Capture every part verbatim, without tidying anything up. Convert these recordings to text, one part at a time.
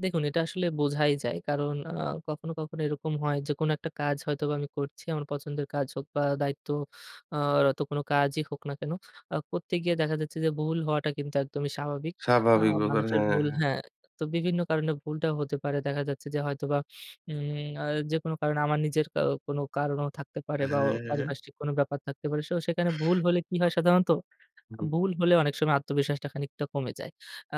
দেখুন, এটা আসলে বোঝাই যায়। কারণ আ কখনো, কখনো এরকম হয় যে কোন একটা কাজ হয়তোবা আমি করছি আমার পছন্দের কাজ হোক বা দায়িত্ব আ রত কোন কাজই হোক না কেন। আ করতে গিয়ে দেখা যাচ্ছে যে ভুল হওয়াটা কিন্তু একদমই স্বাভাবিক। আ স্বাভাবিক ব্যাপার, মানুষের হ্যাঁ, ভুল হ্যাঁ। হ্যাঁ। তো বিভিন্ন কারণে ভুলটা হতে পারে। দেখা যাচ্ছে যে হয়তোবা উম আ যেকোনো কারণে আমার নিজের কা কোনো কারণও থাকতে পারে হ্যাঁ, বা ও হ্যাঁ, হ্যাঁ। পারিপার্শ্বিক কোন ব্যাপার থাকতে পারে। শো সেখানে ভুল হলে কি হয় সাধারণত? আ হুম। ভুল হলে অনেক সময় আত্মবিশ্বাসটা খানিকটা কমে যায়। আ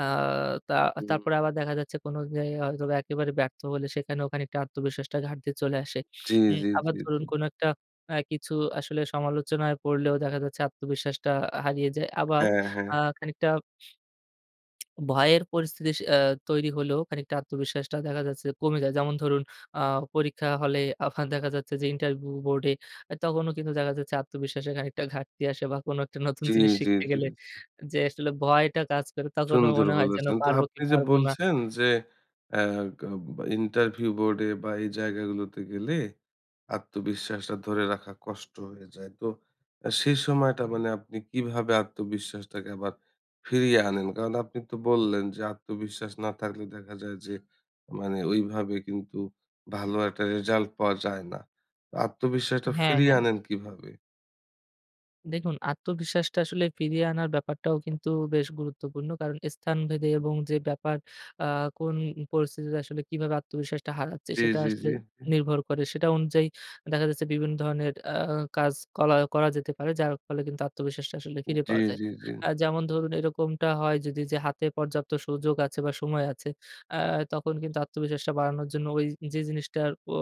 তা হুম। তারপরে আবার দেখা যাচ্ছে কোন জেয় হয়তোবা একেবারে ব্যর্থ হলে সেখানেও খানিকটা আত্মবিশ্বাসটা ঘাটতি চলে আসে। জ্বী, উ জ্বী, আবার জ্বী, ধরুন জ্বী। কোন একটা অ্যা কিছু আসলে সমালোচনায় পড়লেও দেখা যাচ্ছে আত্মবিশ্বাসটা আ হারিয়ে যায়। আবার হ্যাঁ, হ্যাঁ। আ খানিকটা ভয়ের পরিস্থিতিস অ্যা তৈরি হলেও খানিকটা আত্মবিশ্বাসটা দেখা যাচ্ছে কমে যায়। যেমন ধরুন আ পরীক্ষা হলে আফা দেখা যাচ্ছে যে ইন্টারভু বোর্ডে আ তখনও কিন্তু দেখা যাচ্ছে আত্মবিশ্বাসে খানিকটা ঘাটতি আসে বা কোন একটা নতুন জ্বী, জিনিস জ্বী, শিখতে জ্বী, গেলে জ্বী। যে আসলে ভয়টা কাজ করে তখনও সুন্দর মনে হয় যেন বলেছেন। তো পারবো কি আপনি যে পারব না? বলছেন যে অ্যা গা বা ইন্টারভিউ বোর্ডে বা এই জায়গাগুলোতে গেলে আত্মবিশ্বাসটা ধরে রাখা কষ্ট হয়ে যায়। তো আ সেই সময়টা মানে আপনি কিভাবে আত্মবিশ্বাসটাকে আবার ফিরিয়ে আনেন? কারণ আপনি তো বললেন যে আত্মবিশ্বাস না থাকলে দেখা যায় যে মানে ওইভাবে কিন্তু ভালো একটা রেজাল্ট পাওয়া যায় না। আত্মবিশ্বাসটা হ্যাঁ, ফিরিয়ে হ্যাঁ। আনেন কিভাবে? দেখুন, আত্মবিশ্বাসটা আসলে ফিরিয়ে আনার ব্যাপারটাও কিন্তু বেশ গুরুত্বপূর্ণ। কারণ স্থানভেদে হু। এবং যে ব্যাপার আ কোন পরিস্থিতিতে আসলে কিভাবে আত্মবিশ্বাসটা হারাচ্ছে, জ্বী, সেটা জ্বী, আসলে জ্বী হুম। নির্ভর করে। সেটা অনুযায়ী দেখা যাচ্ছে বিভিন্ন ধরনের অ্যা কাজ করা করা যেতে পারে। যার ফলে কিন্তু আত্মবিশ্বাসটা আসলে উ ফিরে জ্বী, পাওয়া যায়। জ্বী, জ্বী। আ যেমন ধরুন এরকমটা হয় যদি যে হাতে পর্যাপ্ত সুযোগ আছে বা সময় আছে, অ্যা তখন কিন্তু আত্মবিশ্বাসটা বাড়ানোর জন্য ওই যে জিনিসটার পো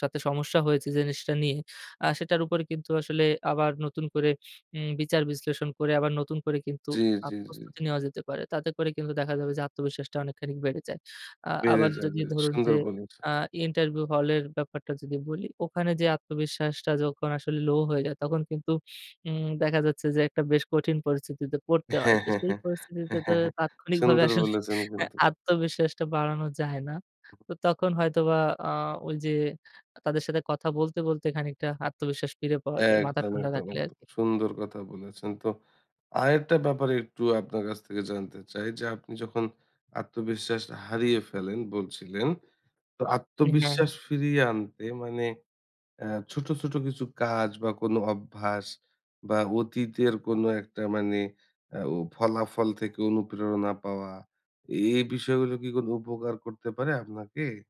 সাথে সমস্যা হয়েছে, যে জিনিসটা নিয়ে আ সেটার উপরে কিন্তু আসলে আবার নতুন করে উম বিচার বিশ্লেষণ করে আবার নতুন করে কিন্তু জ্বী, আ জ্বী, জ্বী, প্রস্তুতি জ্বী। নেওয়া যেতে পারে। তাতে করে কিন্তু দেখা যাবে যে আত্মবিশ্বাসটা অনেকখানিক বেড়ে যায়। আ বেড়ে আবার যদি যাবে। ধরুন সুন্দর যে বলেছেন। আ ইন্টারভিউ হলের ব্যাপারটা যদি বলি। ওখানে যেয়ে আত্মবিশ্বাসটা যখন আসলে লো হয়ে যায়, তখন কিন্তু উম দেখা যাচ্ছে যে একটা বেশ কঠিন পরিস্থিতিতে পড়তে হয়। তো সেই পরিস্থিতিতে তো তাৎক্ষণিকভাবে সুন্দর আসলে বলেছেন হ্যাঁ, কিন্তু। আত্মবিশ্বাসটা বাড়ানো যায় না। তো তখন হয়তোবা আ ওই যে তাদের সাথে কথা বলতে, বলতে খানিকটা আত্মবিশ্বাস ফিরে পাওয়া যায়। মাথা একদম, ঠান্ডা একদম, রাখলে একদম আরকি। সুন্দর কথা বলেছেন। তো আরেকটা ব্যাপার একটু আপনার কাছ থেকে জানতে চাই। যে আপনি যখন আত্মবিশ্বাসটা হারিয়ে ফেলেন বলছিলেন। তো উ হ্যাঁ। আত্মবিশ্বাস ফিরিয়ে আনতে মানে অ্যা ছোট, ছোট কিছু কাজ বা কোন অভ্যাস বা অতীতের কোন একটা মানে আ ও ফলাফল থেকে অনুপ্রেরণা পাওয়া, এই, এই বিষয়গুলো কি কোন উপকার করতে পারে আপনাকে?